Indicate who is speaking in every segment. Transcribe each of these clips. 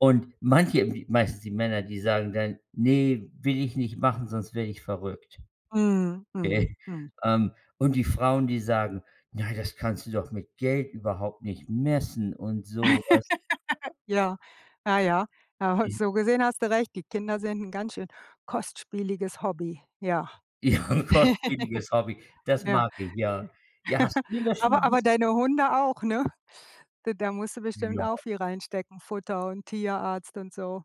Speaker 1: Und manche, m meistens die Männer, die sagen dann: „Ne, will ich nicht machen, sonst werde ich verrückt.“
Speaker 2: Mhm, mhm,
Speaker 1: Äh,
Speaker 2: mhm.
Speaker 1: ähm, und die Frauen, die sagen: „Na, das kannst du doch mit Geld überhaupt nicht messen“ und so, weißt
Speaker 2: Ja, na ja. Ah, halt
Speaker 1: Is
Speaker 2: so gesehen hast du recht. Die Kinder sind ‘n ganz schön kostspieliges Hobby, ja.
Speaker 1: Ja, ‘n kostspieliges Hobby, das
Speaker 2: Ja,
Speaker 1: mag ich, ja.
Speaker 2: äh,
Speaker 1: Ja, hast du denn das schon mal
Speaker 2: aber
Speaker 1: aus
Speaker 2: aber deine Hunde auch, ne? D da musst du bestimmt
Speaker 1: Ja.
Speaker 2: auch viel reinstecken, Futter und Tierarzt und so.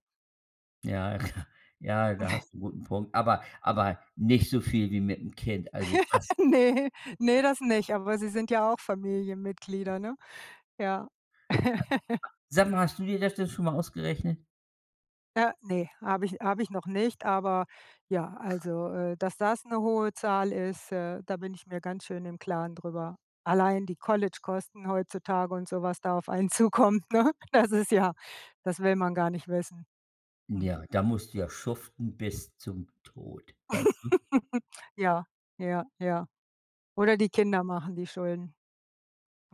Speaker 1: Ja, ja. Ja, da hast du ‘n guten Punkt, aber aber nicht so viel wie mit‘m Kind, also das
Speaker 2: Ne, ne, das nicht, aber sie sind ja auch Familienmitglieder, ne? Ja.
Speaker 1: [unintelligible] Sag mal, hast du dir das denn schon mal ausgerechnet?
Speaker 2: Äh, ne. Habe ich habe ich noch nicht, aber ja, also, äh, dass das ‘ne hohe Zahl ist, äh, da bin ich mir ganz schön im Klaren drüber. Allein die College-Kosten heutzutage und so was da auf einen zukommt, ne? Das ist ja das will man gar nicht wissen. Mhm.
Speaker 1: Ja, da musst du ja schuften bis zum Tod, weißt du?
Speaker 2: Ja, ja, ja. Oder die Kinder machen die Schulden.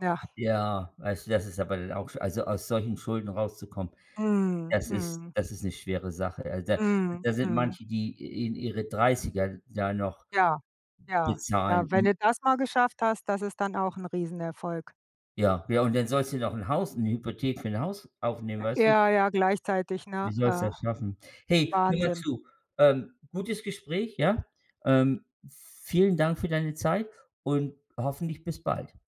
Speaker 2: Ja.
Speaker 1: Ja, weißt du, das ist aber auch sch also aus solchen Schulden rauszukommen,
Speaker 2: Mhm,
Speaker 1: das ist
Speaker 2: mhm.
Speaker 1: das ist ‘ne schwere Sache, also da
Speaker 2: Mhm,
Speaker 1: da sind
Speaker 2: mhm.
Speaker 1: manche, die i in ihre 30er da noch
Speaker 2: Ja, ja,
Speaker 1: bezahlen,
Speaker 2: ja, wenn
Speaker 1: mm.
Speaker 2: du das mal geschafft hast, das ist dann auch ‘n Riesenerfolg.
Speaker 1: Ja, ja, und dann sollst du noch ‘n Haus 'ne Hypothek für ‘n Haus aufnehmen,
Speaker 2: Äh,
Speaker 1: weißt du?
Speaker 2: ja, ja, gleichzeitig,
Speaker 1: Wie
Speaker 2: ne?
Speaker 1: sollst
Speaker 2: Äh,
Speaker 1: das schaffen? Hey, hör mal
Speaker 2: Wahnsinn.
Speaker 1: zu, ähm, gutes Gespräch, ja? Ähm, vielen Dank für deine Zeit und hoffentlich bis bald.